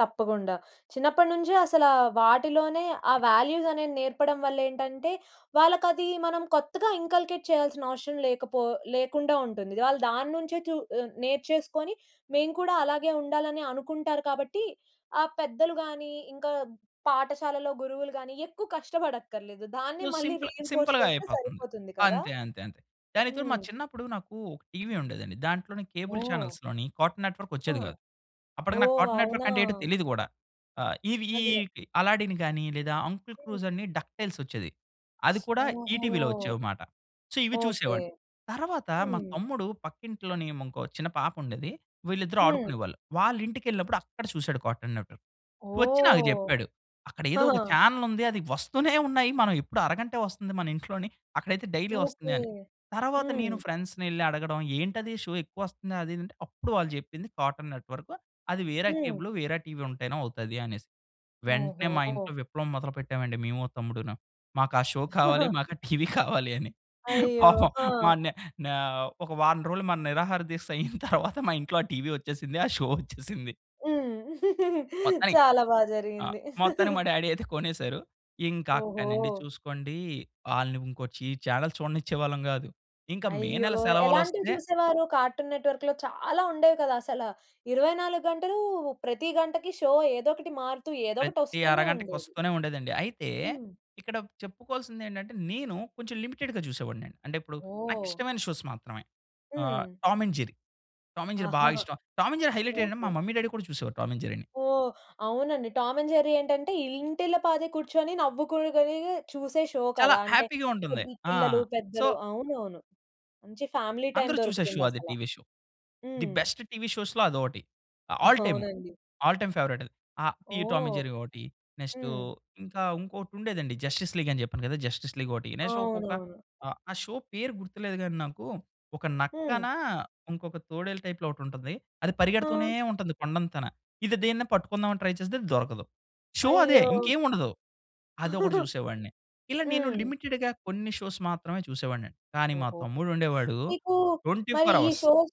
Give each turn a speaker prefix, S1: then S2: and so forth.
S1: తప్పకుండా. చిన్నప్పటినుంచే అసలా వాటిలోనే ఆ వాల్యూస్ అనేవి నేర్పడం వలేంటంటే వాళ్ళకది మనం కొత్తగా ఇన్కల్కేట్ చేయాల్సిన అవసరం లేకపో లేకుండా ఉంటుంది. వాళ్ళు దాని నుంచే చు ఆ నేర్చేసుకొని మేము కూడా అలాగే ఉండాలని అనుకుంటారు కాబట్టి ఆ పెద్దలు గాని, ఇంకా పాఠశాలలో గురువులు గాని ఎక్కువ కష్టపడక్కర్లేదు దాన్ని
S2: సో
S1: మళ్ళీ
S2: సింపుల్
S1: రీఎన్ఫోర్స్ చేస్తే
S2: సింపుల్‌గాయిపోతుంది.
S1: సరిపోతుంది కదా!
S2: అంతే. అంతే. అంతే. దానికితో మా
S1: హ్మ్.
S2: చిన్నప్పుడు నాకు ఒక టీవీ ఉండేదండి దాంట్లోనే కేబుల్
S1: ఓహ్!
S2: చానెల్స్‌లోని కార్టూన్ నెట్వర్క్
S1: హా!
S2: వచ్చేది కాదు. అప్పటికి నాకు
S1: ఓహ్!
S2: కార్టూన్ నెట్వర్క్
S1: అవునా!
S2: అంటే ఏంటో తెలీదు కూడా. ఆ! ఇవి ఈ
S1: అదే.
S2: 'అల్లాడిన్' గాని, లేదా 'అంకుల్
S1: హ్మ్.
S2: స్క్రూజ్' అని 'డక్‌టైల్స్' వచ్చేది. అది కూడా ఈ
S1: ఓహో!
S2: టీవీ‌లో వచ్చేవిమాట. సో ఇవి
S1: ఓకే.
S2: చూసేవాడు. తరువాత మా
S1: హ్మ్.
S2: తమ్ముడు పక్కింట్లో‌‌ని ఇంకో చిన్న పాప ఉండేది వీళ్ళిద్దరూ
S1: హ్మ్.
S2: ఆడుకునేవాళ్ళు. వాళ్ళ ఇంటికేళ్ళినప్పుడు అక్కడ చూసాడు కార్టూ‌న్ నెట్వర్క్. వచ్చి నాకు
S1: ఓహ్!
S2: చెప్పాడు. "అక్కడ ఏదో ఒక చానెల్ ఉంది అది వస్తూనే ఉన్నాయి మనం ఎప్పుడు అరగం‌టె వస్తుంది మన ఇంట్లోని అక్కడైతే డైలీ వస్తుంది"
S1: ఓకే
S2: అని. తరువాత నేను
S1: హ్మ్.
S2: ఫ్రెండ్స్‌నేళ్లి అడగడం ఏంటది షో ఎక్కువ వస్తుం‌ది అది అంటే అప్పుడు వాళ్ళు చెప్పింది కార్టూన్ నెట్వర్కు అది వేరే
S1: హ్మ్.
S2: కేబులు వేరే టీవీ ఉంటేనే అవుతాది అనేసి. వెంటనే మా
S1: ఓహోహో!
S2: ఇంట్లో విప్లవం మొదలుపెట్టామండి మేము మా తమ్ముడు‌ను. మాకా షో కావాలి మా‌‌కా టీవీ కావాలి అని.
S1: అయ్యో!
S2: పాపం
S1: హా!
S2: మనే నే ఒక వారం రోజులు మ‌న నిరాహారదీక్ష అయిన తరువాత మా ఇంట్లో ఆ టీవీ వచ్చేసింది ఆ షో వచ్చేసింది.
S1: హ్మ్.
S2: మొత్తానికి
S1: చాలా బా
S2: ఆ!
S1: జరిగింది.
S2: మొత్తానికి మా డ్యాడీ అయితే కొనేసారు. ఇంకా అక్కడి నుండి
S1: ఓహో!
S2: చూసుకోండి వాళ్ళని ఇంకో చి చానెల్ చూడనిచ్చేవాళ్ళం కాదు. ఇంకా మే
S1: అయ్యో!
S2: నెల
S1: ఎలాంటివి
S2: సెలవులోస్తే
S1: చూసేవారు కార్టూన్ నెట్వర్క్‌లో చాలా ఉండేవి కదా! అసల 24 గంటలు ప్రతి గంటకి షో ఏదోకటి మారుతూ ఏదోకటి
S2: ప్రతి
S1: వస్తూనే
S2: అరగంటకి
S1: ఉండేది.
S2: వస్తూనే ఉండేదండి. అయితే
S1: హ్మ్.
S2: ఇక్కడ చెప్పుకోవాల్సిందేంటంటే నేను కొంచెం లిమిటెడ్‌గా చూసేవాడిని అండి. అంటే ఇప్పుడు నాకు
S1: ఓహ్!
S2: ఇష్టమైన షోస్ మాత్రమే ఆహ్,
S1: హ్మ్.
S2: Tom and Jerry, Tom and Jerry బా
S1: ఆహాహా!
S2: ఇష్టం. టామ్ అండ్ జెర్రీ హైలైటెంటంటే మా
S1: ఓకే.
S2: మమ్మీ డ్యాడీ కూడా చూసేవాళ్ళు టామ్ అండ్ జెర్రీ‌ని.
S1: ఓహ్! అవునండి. టామ్ అండ్ జెర్రీ ఏంటంటే ఇల్ ఇంటిల్లపాది కూర్చొని నవ్వుకోగనిగే చూసే షో
S2: చాలా
S1: కదా! అంటే
S2: హ్యాపీగా ఉంటుంది.
S1: పెద్ది
S2: ఆ!
S1: పిల్లలు,
S2: సో
S1: పెద్దలు అవునవును. మంచి ఫ్యామిలీ టైం
S2: అందరూ చూసే షో
S1: దొరుకుతుంది
S2: అది
S1: అసలా.
S2: TV show. ది
S1: హ్మ్.
S2: బెస్ట్ టీవీ షోస్‌లో అదొకటి. అ ఆల్ టైము
S1: అవునండి.
S2: ఆల్ టైమ్ ఫేవరైట్ అది. ఆ! ఈ టామ్ అండ్
S1: ఓహ్!
S2: జెర్రీ ఒకటి. నెక్స్ట్
S1: హ్మ్.
S2: ఇంకా ఇంకోటి ఉండేదండి జస్టిస్ లీగ్ అని చెప్పాను కదా! జస్టిస్ లీగ్ ఒకటి నెక్స్ట్ ఒకొక
S1: అవునవును.
S2: అ ఆ షో పేరు గుర్తులేదు కానీ నాకు ఒక
S1: హ్మ్.
S2: నక్కన ఇంకొక తోడేలు టైప్‌లో ఒకటుంటుంది. అది పరిగెడుతూనే
S1: హా!
S2: ఉంటుంది కొండంతన. ఇది దీన్నీ పట్టుకుందాం అని ట్రై చేస్తేది అది దొరకదు. షో అదే
S1: అయ్యో!
S2: ఇంకేమి ఉండదు. అదొకటి చూసేవాడిని. ఇలా నేను
S1: హ్మ్.
S2: లిమిటెడ్‌గా కొన్ని షోస్ మాత్రమే చూసేవాడినండి కానీ మా
S1: ఓహో!
S2: తమ్ముడు ఉండేవాడు
S1: మీకు
S2: ట్వెంటీ
S1: మరి
S2: ఫోర్
S1: ఈ
S2: హావర్స్.
S1: షోస్